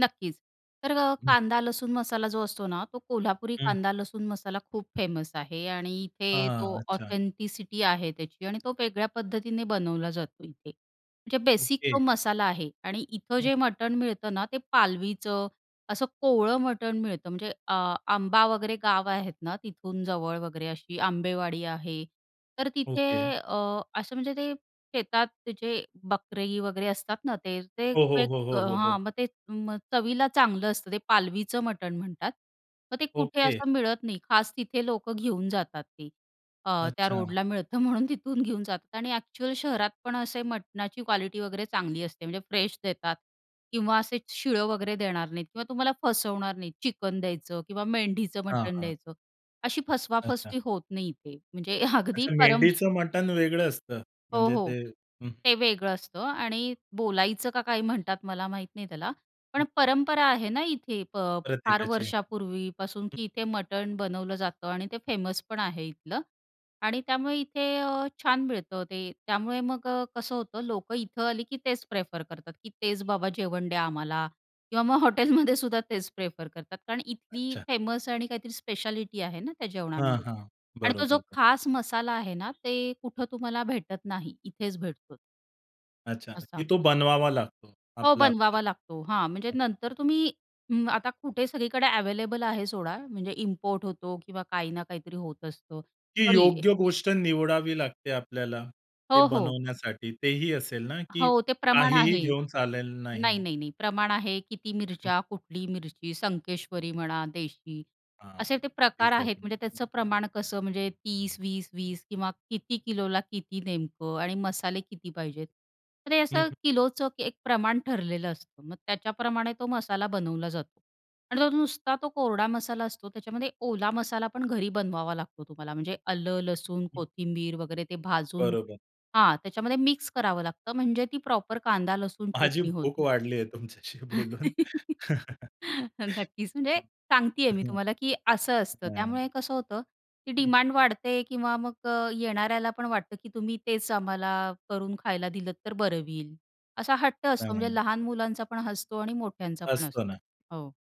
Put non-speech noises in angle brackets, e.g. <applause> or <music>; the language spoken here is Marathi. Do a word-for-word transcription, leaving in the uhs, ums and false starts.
नक्कीच, तर अ, हं. कांदा लसूण मसाला जो असतो ना, तो कोल्हापुरी हं. कांदा लसूण मसाला खूप फेमस आहे आणि इथे हां, तो अच्छा. ऑथेंटिसिटी आहे त्याची आणि तो वेगळ्या पद्धतीने बनवला जातो इथे, म्हणजे बेसिक ओके. तो मसाला आहे आणि इथं हं. जे मटण मिळतं ना, ते पालवीचं असं कोवळं मटण मिळतं. म्हणजे अ, आंबा वगैरे गाव आहेत ना, तिथून जवळ वगैरे अशी आंबेवाडी आहे. तर तिथे ओके. अ, असं म्हणजे ते शेतात ते जे बकरे वगैरे असतात ना, ते ते हो, एक हो. हो, हो. हो. हां, मग ते मग चवीला चांगलं असतं ते पालवीचं मटण म्हणतात. मग ते कुठे ओके. असं मिळत नाही. खास तिथे लोकं घेऊन जातात ती अ, त्या अच्छा. रोडला मिळतं म्हणून तिथून घेऊन जातात आणि अ‍ॅक्चुअल शहरात पण असे मटणाची क्वालिटी वगैरे चांगली असते, म्हणजे फ्रेश देतात किंवा असे शिळं वगैरे देणार नाहीत किंवा तुम्हाला फसवणार नाहीत. चिकन द्यायचं किंवा मेंढीचं हां, मटण हां. द्यायचं. अशी अच्छा. फसवा-फसवी होत नाही इथे. म्हणजे <chuckles> अगदी अच्छा परम मेंढीचं मटण वेगळं असतं, हो, म्हणजे हो. ते हं. ते वेगळं असतं आणि बोलायचं का काय म्हणतात, मला माहीत नाही त्याला पण हं. परंपरा आहे ना इथे फ फार प्रत्येकाची, वर्षापूर्वीपासून, हं. की इथे मटण बनवलं जातं आणि ते फेमसपण आहे इथलं आणि त्यामुळे इथे अ, छान मिळतं ते. त्यामुळे मग अ, कसं होतं लोकं इथं आली, की तेच प्रेफर करतात की तेच बाबा जेवण द्या आम्हाला किंवा मग <chuckles> हॉटेलमध्ये सुद्धा तेच प्रेफर करतात. कारण इथली अच्छा. फेमस आणि काहीतरी स्पेशालिटी आहे ना, त्या हां, जेवणामध्ये हां. आणि तो जो बरोबर. खास मसाला आहे ना, ते कुठं तुम्हाला भेटत नाही. इथेच भेटतो. अच्छा, असा. की तो बनवावा लागतो हो, आपला-आपला. बनवावा लागतो. हां, म्हणजे नंतर तुम्ही अं, आता कुठे सगळीकडे अवेलेबल आहे सोडा म्हणजे इम्पोर्ट होतो किंवा काही ना काहीतरी होत असतं, की तरी योग्य गोष्ट निवडावी लागते आपल्याला ते हो, हो. बनवण्यासाठी तेही असेल ना? की हो, ते प्रमाण काहीही आहे. घेऊन चालेलं नाही, नाही. नाही, नाही प्रमाण आहे. किती हं. मिरच्या, कुठली मिरची, संकेश्वरी म्हणा, देशी हां. असे ते प्रकार आहेत. एक्झॅक्टली. म्हणजे त्याचं प्रमाण कसं म्हणजे तीस वीस वीस किंवा किती किलोला किती नेमकं आणि मसाले किती पाहिजेत. तर ते हं, असं हं. किलोचं एक प्रमाण ठरलेलं असतं. मग त्याच्याप्रमाणे तो मसाला बनवला जातो आणि तो नुसता तो कोरडा मसाला असतो. त्याच्यामध्ये ओला मसालापण घरी बनवावा लागतो तुम्हाला म्हणजे आलं, लसूण, कोथिंबीर वगैरे ते भाजून. बरोबर. हां, त्याच्यामध्ये मिक्स करावं लागतं म्हणजे ती प्रॉपर कांदा लसूण, माझी चटणी भूक होती. वाढली आहे तुमच्याशी बोलून. <laughs> <chuckles> नक्कीच, म्हणजे सांगतीये मी हं. तुम्हाला, की असं असतं, नाही, त्यामुळे नाही. कसं होतं की हं. डिमांड वाढते किंवा मग अ, येणाऱ्याला पण वाटतं, की तुम्ही तेच आम्हाला करून खायला दिलंत तर बरं होईल. असा हट्ट असतो नाही, म्हणजे नाही. लहान मुलांचापण असतो आणि मोठ्यांचा पण असतो असतो. ना. हो.